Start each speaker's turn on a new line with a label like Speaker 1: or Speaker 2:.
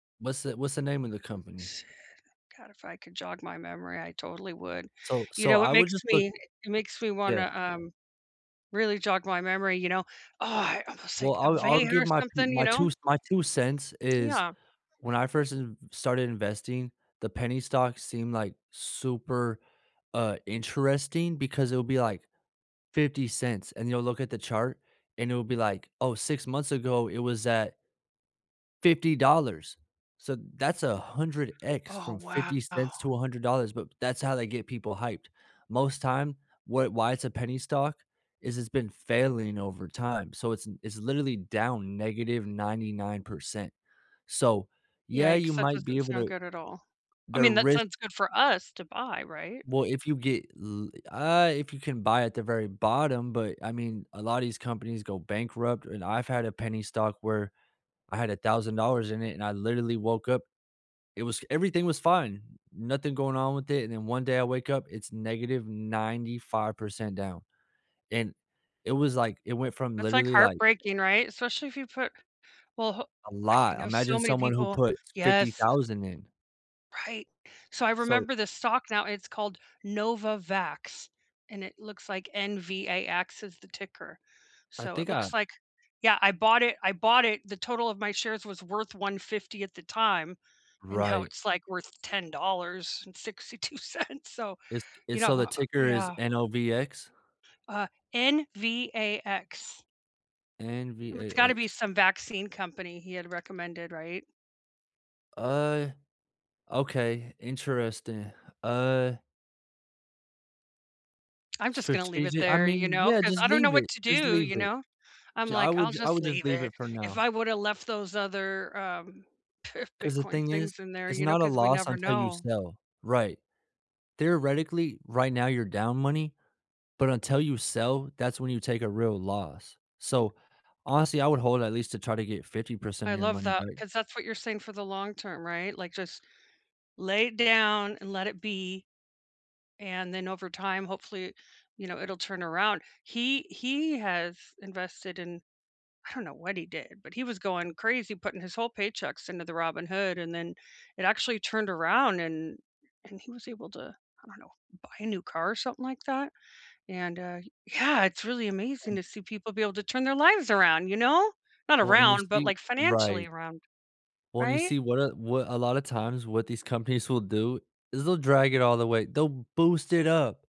Speaker 1: What's the what's the name of the company?
Speaker 2: Shit, god, if I could jog my memory, I totally would.
Speaker 1: So
Speaker 2: You
Speaker 1: so
Speaker 2: know, it
Speaker 1: I would
Speaker 2: makes
Speaker 1: just look
Speaker 2: me it makes me
Speaker 1: yeah.
Speaker 2: wanna, um, really jog my memory, you know. Oh, I almost
Speaker 1: Well,
Speaker 2: like a
Speaker 1: I'll I'll
Speaker 2: vein or
Speaker 1: give my pu
Speaker 2: something, you
Speaker 1: my
Speaker 2: know?
Speaker 1: 2 my 2 cents is
Speaker 2: Yeah.
Speaker 1: when I first ev started investing, the penny stocks seemed, like, super, uh, interesting because it'll be, like, $0.50, and you'll look at the chart, and it will be like, "Oh, 6 months ago it was at" $50, so that's 100x
Speaker 2: Oh,
Speaker 1: from
Speaker 2: wow.
Speaker 1: $0.50 to $100, but that's how they get people hyped. Most time, wa why it's a penny stock, is it's been failing over time, so it's it's literally down -99%, so, yeah, you
Speaker 2: Yikes, that
Speaker 1: might be
Speaker 2: doesn't
Speaker 1: able
Speaker 2: sound
Speaker 1: to
Speaker 2: good at all. I
Speaker 1: the
Speaker 2: mean, that
Speaker 1: risk
Speaker 2: sounds good for us to buy, right?
Speaker 1: Well, if you get l uh, if you can buy at the very bottom, but I mean, a lotta these companies go bankrupt, and I've had a penny stock where I had $1,000 in it, and I literally woke up it was everything was fine. Nothing going on with it, and then one day I wake up, it's -95% down, and it was like it went from
Speaker 2: It's like
Speaker 1: literally, like
Speaker 2: heartbreaking, right? Especially if you put well, ho
Speaker 1: A
Speaker 2: okay I
Speaker 1: lot,
Speaker 2: know
Speaker 1: imagine
Speaker 2: so many
Speaker 1: someone who
Speaker 2: people
Speaker 1: put fifty
Speaker 2: yes.
Speaker 1: thousand dollars in.
Speaker 2: Right, so I
Speaker 1: So
Speaker 2: remember the stock now, it's called Novavax, and it looks like N-V-A-X is the ticker,
Speaker 1: I
Speaker 2: so, it
Speaker 1: think I
Speaker 2: looks like yeah, I bought it I bought it the total of my shares was worth $150 at the time, and now
Speaker 1: Right.
Speaker 2: it's, like, worth $10.62 so,
Speaker 1: It's
Speaker 2: you
Speaker 1: it's
Speaker 2: know,
Speaker 1: so the
Speaker 2: ho oh
Speaker 1: ticker is
Speaker 2: yeah.
Speaker 1: N-O-V-X?
Speaker 2: Uh, N-V-A-X. It's gotta be
Speaker 1: N-V-A-X.
Speaker 2: some vaccine company he had recommended, right?
Speaker 1: Uh, okay, interesting, uh
Speaker 2: I'm just gonna leave it
Speaker 1: Strategi I
Speaker 2: there, you
Speaker 1: mean,
Speaker 2: know,
Speaker 1: yeah,
Speaker 2: 'cause
Speaker 1: just
Speaker 2: I don't know
Speaker 1: leave it,
Speaker 2: what to
Speaker 1: just
Speaker 2: do,
Speaker 1: leave
Speaker 2: you
Speaker 1: it.
Speaker 2: know. I'm
Speaker 1: Ju I
Speaker 2: like,
Speaker 1: would
Speaker 2: I'll
Speaker 1: I
Speaker 2: just
Speaker 1: would just
Speaker 2: leave
Speaker 1: leave
Speaker 2: it.
Speaker 1: it for
Speaker 2: If
Speaker 1: now.
Speaker 2: I would have left those other, um,
Speaker 1: 'Cause the
Speaker 2: Bitcoin
Speaker 1: thing is,
Speaker 2: things in there,
Speaker 1: it's
Speaker 2: you know,
Speaker 1: not a
Speaker 2: 'cause we
Speaker 1: loss
Speaker 2: never
Speaker 1: until you
Speaker 2: know.
Speaker 1: sell, right? Theoretically, right now you're down money, but until you sell, that's when you take a real loss, so, honestly, I would hold at least to try to get 50%
Speaker 2: I
Speaker 1: of your
Speaker 2: love
Speaker 1: money
Speaker 2: that,
Speaker 1: back.
Speaker 2: 'cause that's what you're saying for the long term, right? Like, just lay it down and let it be, and then over time, hopefully, you know, it'll turn around. He he has invested in I don't know what he did, but he was going crazy putting his whole paychecks into the Robinhood, and then it actually turned around and and he was able to I don't know, buy a new car or something like that, and, uh yeah, it's really amazing
Speaker 1: And
Speaker 2: to see people be able to turn their lives around, you know? Not
Speaker 1: Well, and you
Speaker 2: around, but,
Speaker 1: see
Speaker 2: like,
Speaker 1: right.
Speaker 2: financially around.
Speaker 1: When you
Speaker 2: Right?
Speaker 1: see what a what a lotta times, what these companies will do is they'll drag it all the way, they'll boost it up.